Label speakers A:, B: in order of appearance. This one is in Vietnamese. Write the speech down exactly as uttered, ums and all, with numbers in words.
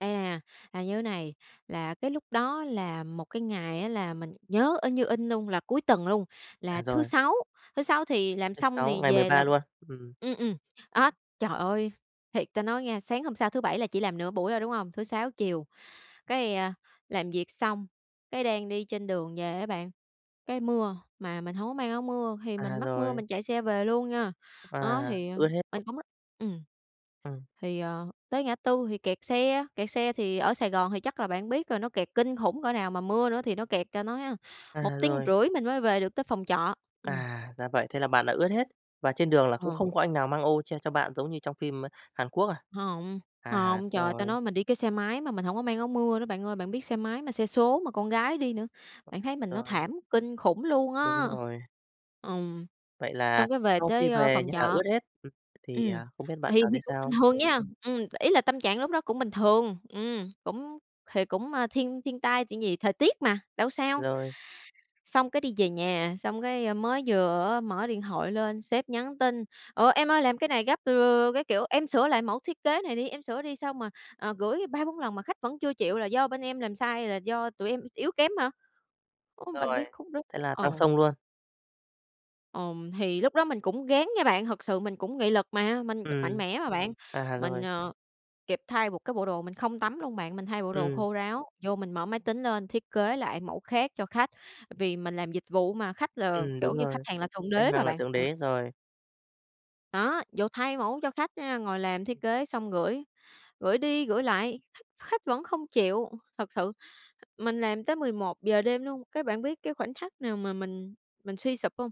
A: Đây nè, là như thế này, là cái lúc đó là một cái ngày á là mình nhớ in như in luôn, là cuối tuần luôn,
B: À,
A: là thứ
B: rồi.
A: Sáu, thứ Sáu thì làm
B: Thứ
A: xong
B: Sáu,
A: thì
B: ngày mười
A: về
B: ba
A: là
B: luôn, ừm.
A: ừm, ừm. Á, trời ơi! Thiệt ta nói nghe, sáng hôm sau thứ Bảy là chỉ làm nửa buổi thôi, đúng hông? Thứ Sáu chiều, cái, a, làm việc xong, cái đang đi trên đường về á bạn, cái mưa mà mình hông có mang áo mưa, thì mình
B: À,
A: mắc mưa
B: rồi.
A: mình chạy xe về luôn nha. Đó,
B: À,
A: thì
B: ướt hết
A: mình
B: [unintelligible]
A: cũng á ừm,
B: Ừm.
A: thì, ờ, tới ngã tư thì kẹt xe, kẹt xe thì ở Sài Gòn thì chắc là bạn biết rồi, nó kẹt kinh khủng cỡ nào, mà mưa nữa thì nó kẹt ta nói á, một
B: À,
A: tiếng
B: rồi.
A: rưỡi mình mới về được tới phòng trọ, ừm.
B: À, ra vậy, thế là bạn đã ướt hết. Và trên đường là cũng
A: Ờ.
B: không có anh nào mang ô che cho bạn giống như trong phim, a, Hàn Quốc à?
A: Hông.
B: À,
A: Hông, trời ơi, ta
B: rồi.
A: nói mình đi cái xe máy mà mình hổng có mang áo mưa nữa bạn ơi, bạn biết xe máy mà xe số mà con gái đi nữa. Bạn thấy mình nó
B: Rồi.
A: thảm kinh khủng luôn
B: Đúng
A: á.
B: rồi.
A: Ừm,
B: Vậy là
A: xong cái về
B: sau khi
A: tới, a,
B: về
A: phòng
B: nhà
A: trọ
B: ướt hết, ừm, thì,
A: ừm,
B: à, không biết bạn
A: thì
B: cảm thấy
A: thì cũng bình
B: sao?
A: thường nha, ừm, ý là tâm trạng lúc đó cũng bình thường, ừm, cũng thì cũng, ơ, thiên thiên tai chuyện gì, thời tiết mà, đâu sao.
B: Rồi.
A: Xong cái đi về nhà, xong cái, ơ, mới vừa á mở điện thoại lên, sếp nhắn tin: "Ủa, em ơi làm cái này gấp" [unintelligible] các kiểu, "em sửa lại mẫu thiết kế này đi, em sửa đi! Sao mà, ờ, gửi ba bốn lần mà khách vẫn chưa chịu, là do bên em làm sai hay là do tụi em yếu kém hả?" Ưm, bạn
B: Rồi,
A: biết khúc đó
B: thế là
A: ờ.
B: tăng xông luôn.
A: Ừm, thì lúc đó mình cũng ráng nha bạn, thực sự mình cũng nghị lực mà, mình mạnh
B: Ừm.
A: mẽ mà bạn.
B: À,
A: Mình,
B: rồi.
A: ờ, kịp thay một cái bộ đồ, mình không tắm luôn bạn, mình thay bộ đồ
B: Ừm.
A: khô ráo, vô mình mở máy tính lên thiết kế lại mẫu khác cho khách. Vì mình làm dịch vụ mà, khách là,
B: Ừm,
A: kiểu
B: đúng
A: như, khách
B: rồi,
A: hàng là thượng
B: khách
A: đế mà
B: hàng là
A: bạn,
B: thượng
A: đó.
B: đế, rồi.
A: Đó, vồ thay mẫu cho khách nha, ngồi làm thiết kế xong gửi, gửi đi gửi lại, khách vẫn không chịu, thực sự mình làm tới mười một giờ đêm luôn, cái bạn biết cái khoảnh khắc nào mà mình mình suy sụp hông?